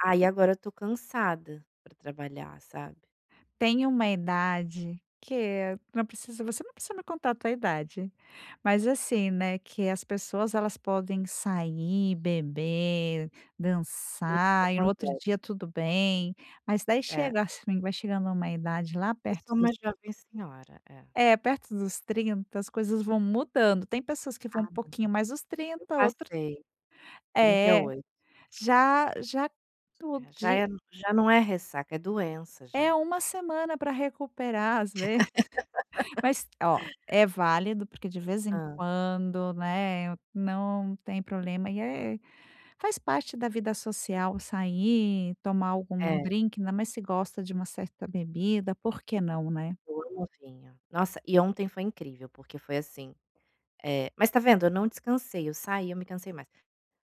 Aí agora eu estou cansada pra trabalhar, sabe. Tem uma idade que não precisa você não precisa me contar a tua idade, mas, assim, né, que as pessoas elas podem sair, beber, É isso que dançar e no outro acontece. dia, tudo bem. Mas daí É. chega assim, vai chegando a uma idade lá Eu perto sou dos uma jovem senhora. É. É, perto dos 30, as coisas vão mudando, tem pessoas que Ah, vão um não. pouquinho mais dos Eu 30 outra passei. trinta e É, oito. já já tu É, já de é já não é ressaca, é doença já. É 1 semana pra recuperar, às vezes. Mas ó, é válido porque de vez em Hã. quando, né, não tem problema e é faz parte da vida social sair, tomar algum É. drinque, ainda mais se gosta de uma certa bebida, por que não, né? Eu amo vinho. Nossa, e ontem foi incrível porque foi, assim, eh mas tá vendo eu não descansei, eu saí, eu me cansei mais.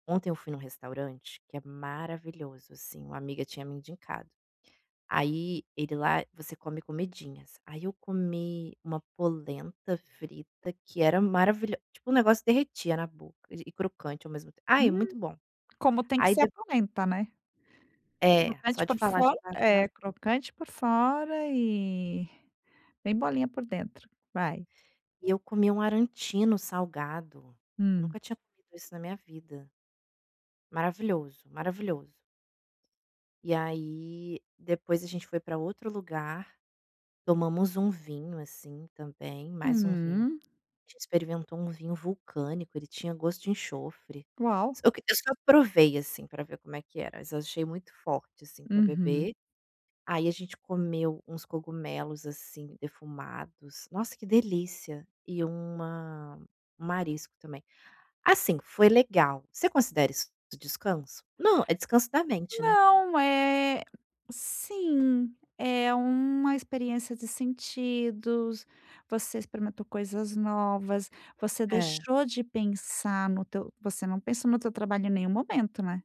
Ontem eu fui num restaurante que é maravilhoso, assim, uma amiga tinha me indicado. Aí ele lá, você come comidinhas, aí eu comi uma polenta frita que era maravilho tipo, o negócio derretia na boca de e crocante ao mesmo tem ai, é Hum, muito bom. como tem que Aí ser a dep polenta, né. É, só Crocante de por falar fo já dá água na é, boca. crocante por fora e bem molinha por dentro. Vai. E eu comi um arancino salgado, eu Hum. nunca tinha comido isso na minha vida. Maravilhoso, maravilhoso. E aí depois a gente foi para outro lugar, tomamos um vinho, assim, também, mais um vinho. Uhum. A gente experimentou um vinho vulcânico, ele tinha gosto de enxofre. Uau. Só que eu só provei, assim, pra ver como é que era, mas eu achei muito forte, assim, para Uhum. beber. Aí a gente comeu uns cogumelos, assim, defumados, nossa, que delícia e uma um marisco também. Assim, foi legal. Você considera isso do descanso? Não, é descanso da mente, né? Não, eh, sim, é uma experiência de sentidos, você experimentou coisas novas, você É. deixou de pensar no teu você não pensou no teu trabalho em nenhum momento, né.